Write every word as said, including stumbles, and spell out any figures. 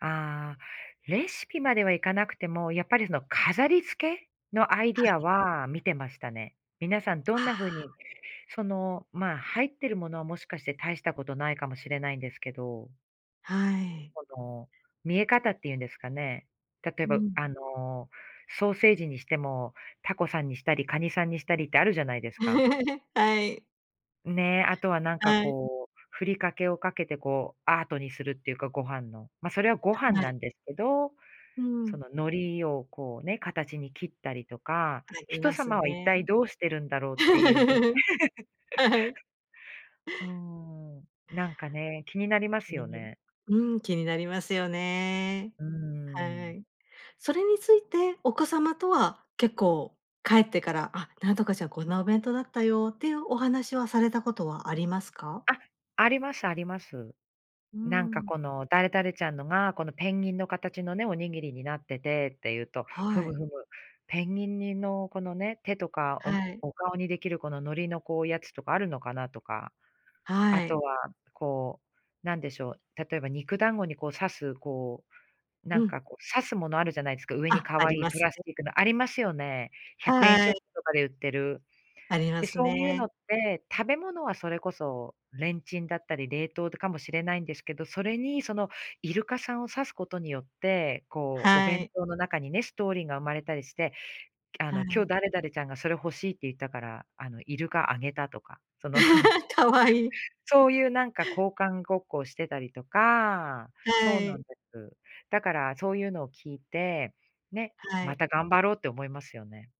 ああレシピまではいかなくても、やっぱりその飾りつけのアイデはィアい。は見てましたね。皆さんどんあなふうに、あ。そのま、入ってるものはもしかして大したことないかもしれないんですけどはい。この見え方ってゆんですかね。例えうばん。あのソーセージにしても、タコさんにしたり、カニさんにしたりってあるじゃないですか。はい。ねえ、あとはなんかはい。こう、ふりかけをかけてこうアートにするっていうか、ご飯の。ま、それはご飯な [unintelligible] んですけど、うそん。の海苔をこうね、形に切ったりとか、あり人ます様は一ね。体どうしてるんだろうっていうふう は はい。うーん、なんかね、気になりま気すによなる、ね。うん、気になりますよね。うーはん。い。それについてお子様とは結構帰ってから「あ、なんとかちゃん、こんなお弁当だったよ」っていうお話はされたことはありますか？あ、ありますあります。うーなんかん。この「誰々ちゃんのが、このペンギンの形のね、おにぎりになってて」って言うと、ふはむい。ふむ、ペンギンにの、このね、手とかお、はい。お顔にできるこの海苔のこうやつとかあるのかなとか、はあとい。は、こう、なんでしょう、例えば肉団子にこう刺す、こう、なうんかん。こう刺すものあるじゃないですか、上にあ、可あり愛いまプすラスね。チックのありますよね。ひゃくえんシはョい。ップとかで売ってる。ありまで、すそういうのね。って、食べ物はそれこそレンチンだったり冷凍かもしれないんですけど、それにそのイルカさんを刺すことによって、こうおは弁い。当の中にね、ストーリーが生まれたりしてあはの「今日い。誰々ちゃんがそれ欲しいって言ったから、あのイルカあげた」とか、その、可愛い。そういうなんか交換ごっこをしてたりとかはそうなんい。です。だからそういうのを聞いて、ね、はまい。た頑張ろうって思いますよね。